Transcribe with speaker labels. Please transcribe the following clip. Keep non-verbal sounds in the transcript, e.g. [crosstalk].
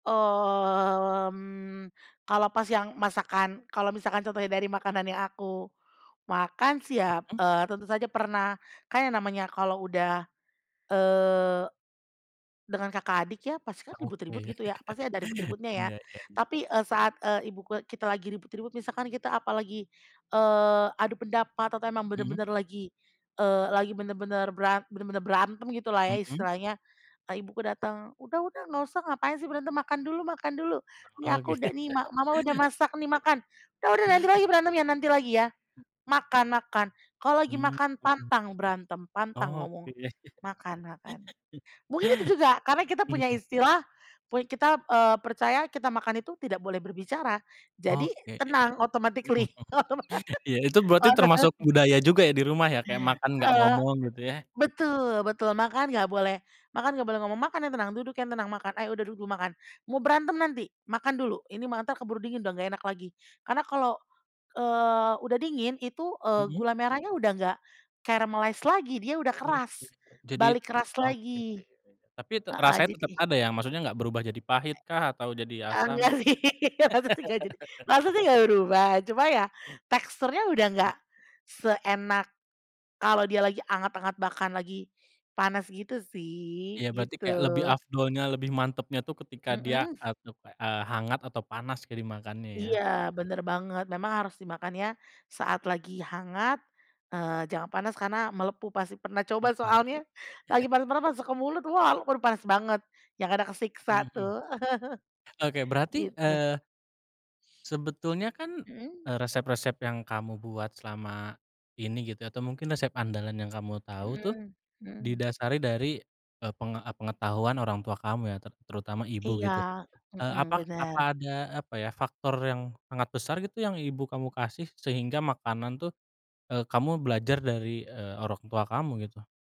Speaker 1: Mmm, kalau pas yang masakan kalau misalkan contohnya dari makanan yang aku makan sih ya,
Speaker 2: Mhm.
Speaker 1: eee, tentu saja pernah. Kan yang namanya kalau udah, eee, dengan kakak adik ya, pasti kan ribut-ribut
Speaker 2: Oke.
Speaker 1: gitu ya, pasti ada
Speaker 2: [laughs]
Speaker 1: ribut-ributnya ya,
Speaker 2: Iya iya.
Speaker 1: tapi, eee, saat, eee, ibu ku kita lagi ribut-ribut misalkan kita apalagi, eee, adu pendapat atau emang
Speaker 2: Mhm.
Speaker 1: benar-benar lagi, eee, lagi benar-benar beran benar-benar berantem gitulah ya
Speaker 2: Mhm.
Speaker 1: istilahnya. Eee, ibu ku datang, "Udah udah enggak usah, ngapain sih berantem. Makan dulu makan dulu. Nih
Speaker 2: Oh,
Speaker 1: aku
Speaker 2: gitu.
Speaker 1: udah nih ma mama udah masak nih, makan. Udah udah nanti
Speaker 2: [laughs]
Speaker 1: lagi berantemnya, nanti lagi ya. Makan makan, kalau lagi
Speaker 2: Mhm.
Speaker 1: makan pantang berantem, pantang
Speaker 2: Oke.
Speaker 1: ngomong, makan, makan."
Speaker 2: [laughs]
Speaker 1: Mungkin itu juga karena kita punya
Speaker 2: Mhm.
Speaker 1: istilah, pun kita, eee, percaya kita makan itu tidak boleh berbicara. Jadi
Speaker 2: Oke, iya iya.
Speaker 1: tenang
Speaker 2: Mhm.
Speaker 1: automatically, otoma
Speaker 2: Iya itu berarti termasuk
Speaker 1: otomatis.
Speaker 2: budaya juga ya di rumah ya, kayak makan enggak
Speaker 1: Eee,
Speaker 2: ngomong gitu yah?
Speaker 1: betul betul, makan enggak boleh, "Makan enggak boleh ngomong, makan yang tenang, duduk yang tenang, makan ayo udah duduk makan, mau berantem nanti, makan dulu ini malah entar keburu dingin udah enggak enak lagi." Karena kalau, eee, udah dingin itu, eee,
Speaker 2: Mhm.
Speaker 1: gula merahnya udah enggak caramalize lagi, dia udah
Speaker 2: Oh, ya
Speaker 1: keras,
Speaker 2: ya, jadi
Speaker 1: balik keras
Speaker 2: oke,
Speaker 1: lagi
Speaker 2: iya iya iya, tapi te
Speaker 1: heeh,
Speaker 2: rasanya
Speaker 1: jadi
Speaker 2: tetep ada ya, maksudnya enggak berubah jadi pahitkah? Atau jadi
Speaker 1: E
Speaker 2: asam?
Speaker 1: enggak sih, maksudnya enggak jadi
Speaker 2: [laughs]
Speaker 1: maksudnya enggak berubah, cuma ya teksturnya udah
Speaker 2: Mmm.
Speaker 1: enggak seenak kalau dia lagi hangat-hangat bahkan lagi panas gitu
Speaker 2: Iya
Speaker 1: sih,
Speaker 2: berarti kayak
Speaker 1: gitu.
Speaker 2: lebih afdolnya, lebih mantapnya tuh ketika dia,
Speaker 1: Mhm.
Speaker 2: eee, tuh, kayak, eee, hangat atau panas jadi dimakannya ya.
Speaker 1: Iya benar banget. Memang harus dimakannya saat lagi hangat, eee, jangan panas karena melepuh pasti, pernah coba
Speaker 2: Mhm.
Speaker 1: soalnya lagi
Speaker 2: [chuckles]
Speaker 1: panas-panas masuk ke mulut, wah, aduh panas banget yang ada kesiksa
Speaker 2: Mhm.
Speaker 1: tuh
Speaker 2: Oke
Speaker 1: [laughs]
Speaker 2: berarti,
Speaker 1: gitu.
Speaker 2: eee sebetulnya kan,
Speaker 1: Mhm.
Speaker 2: eee, resep-resep yang kamu buat selama ini gitu ya atau mungkin resep andalan yang kamu tahu tuh,
Speaker 1: Mhm, mhm.
Speaker 2: didasari dari, eee, penge eee, pengetahuan orang tua kamu ya? Ter terutama ibu
Speaker 1: Iya.
Speaker 2: gitu. Eee
Speaker 1: Mhm,
Speaker 2: apa apa
Speaker 1: benar.
Speaker 2: ada, apa ya, faktor yang sangat besar gitu yang ibu kamu kasih sehingga makanan tuh, eee, kamu belajar dari, eee, orang tua kamu gitu?